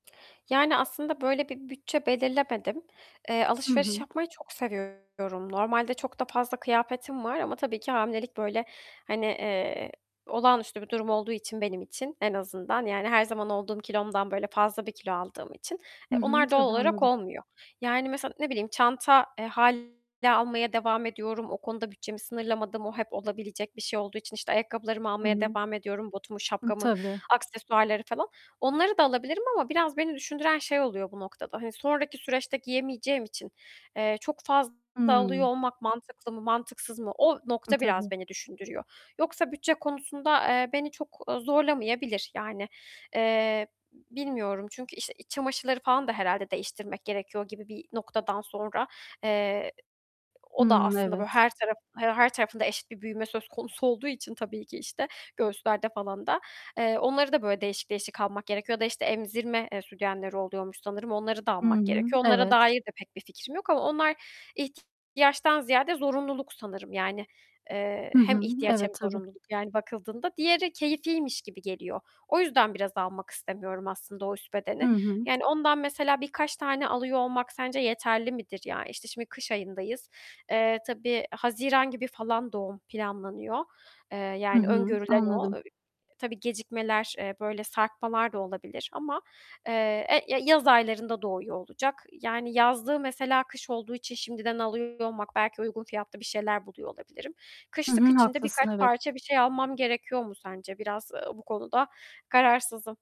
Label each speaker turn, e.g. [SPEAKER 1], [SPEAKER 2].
[SPEAKER 1] Yani, aslında böyle bir bütçe belirlemedim. Eee,
[SPEAKER 2] Hı
[SPEAKER 1] alışveriş
[SPEAKER 2] hı.
[SPEAKER 1] yapmayı çok seviyorum. Normalde çok da fazla kıyafetim var ama tabii ki hamilelik böyle, hani, eee, olağanüstü bir durum olduğu için benim için en azından, yani, her zaman olduğum kilomdan böyle fazla bir kilo aldığım için,
[SPEAKER 2] Hı
[SPEAKER 1] eee,
[SPEAKER 2] hı,
[SPEAKER 1] onlar doğal
[SPEAKER 2] tabii
[SPEAKER 1] olarak
[SPEAKER 2] anladım.
[SPEAKER 1] olmuyor, yani, mesela, ne bileyim, çanta, eee, hâliyle almaya devam ediyorum, o konuda bütçemi sınırlamadım, o hep olabilecek bir şey olduğu için, işte, ayakkabılarımı
[SPEAKER 2] Hı
[SPEAKER 1] almaya
[SPEAKER 2] hı.
[SPEAKER 1] devam ediyorum, botumu,
[SPEAKER 2] Hı,
[SPEAKER 1] şapkamı,
[SPEAKER 2] tabii.
[SPEAKER 1] aksesuarları falan. Onları da alabilirim ama biraz beni düşündüren şey oluyor bu noktada, hani, sonraki süreçte giyemeyeceğim için, eee, çok fazla alıyor
[SPEAKER 2] Hımm.
[SPEAKER 1] olmak mantıklı mı mantıksız mı, o
[SPEAKER 2] Eee,
[SPEAKER 1] nokta
[SPEAKER 2] tabii.
[SPEAKER 1] biraz beni düşündürüyor. Yoksa bütçe konusunda, eee, beni çok, eee, zorlamayabilir, yani, eee, bilmiyorum çünkü işte iç çamaşırları falan da herhâlde değiştirmek gerekiyor gibi bir noktadan sonra, eee, o da
[SPEAKER 2] Hı,
[SPEAKER 1] aslında böyle
[SPEAKER 2] evet.
[SPEAKER 1] her taraf her tarafında eşit bir büyüme söz konusu olduğu için tabii ki işte göğüslerde falan da, eee, onları da böyle değişik değişik almak gerekiyor ya da, işte, emzirme, eee, sütyenleri oluyormuş sanırım, onları da
[SPEAKER 2] Hı
[SPEAKER 1] almak
[SPEAKER 2] hı,
[SPEAKER 1] gerekiyor. Onlara
[SPEAKER 2] evet.
[SPEAKER 1] dair de pek bir fikrim yok ama onlar ih ziyade zorunluluk sanırım yani, eee,
[SPEAKER 2] Hı
[SPEAKER 1] hem
[SPEAKER 2] hı,
[SPEAKER 1] ihtiyaç hem
[SPEAKER 2] evet, tabii.
[SPEAKER 1] zorunluluk, yani, bakıldığında. Diğeri keyifiymiş gibi geliyor. O yüzden biraz almak istemiyorum aslında o üst
[SPEAKER 2] Hı
[SPEAKER 1] bedeni.
[SPEAKER 2] hı.
[SPEAKER 1] Yani ondan mesela birkaç tane alıyor olmak sence yeterli midir, ya? İşte, şimdi kış ayındayız, eee, tabii Haziran gibi falan doğum planlanıyor, eee,
[SPEAKER 2] Hı
[SPEAKER 1] yani
[SPEAKER 2] hı,
[SPEAKER 1] öngörülen o.
[SPEAKER 2] anladım.
[SPEAKER 1] Eee, tabii, gecikmeler, böyle sarkmalar da olabilir ama, eee, ya yaz aylarında doğuyor olacak yani yazlığı mesela kış olduğu için şimdiden alıyor olmak, belki uygun fiyatlı bir şeyler buluyor olabilirim.
[SPEAKER 2] Hı
[SPEAKER 1] Kışlık
[SPEAKER 2] hı
[SPEAKER 1] için de birkaç
[SPEAKER 2] haklısın, evet.
[SPEAKER 1] parça bir şey almam gerekiyor mu sence? Biraz, eee, bu konuda kararsızım.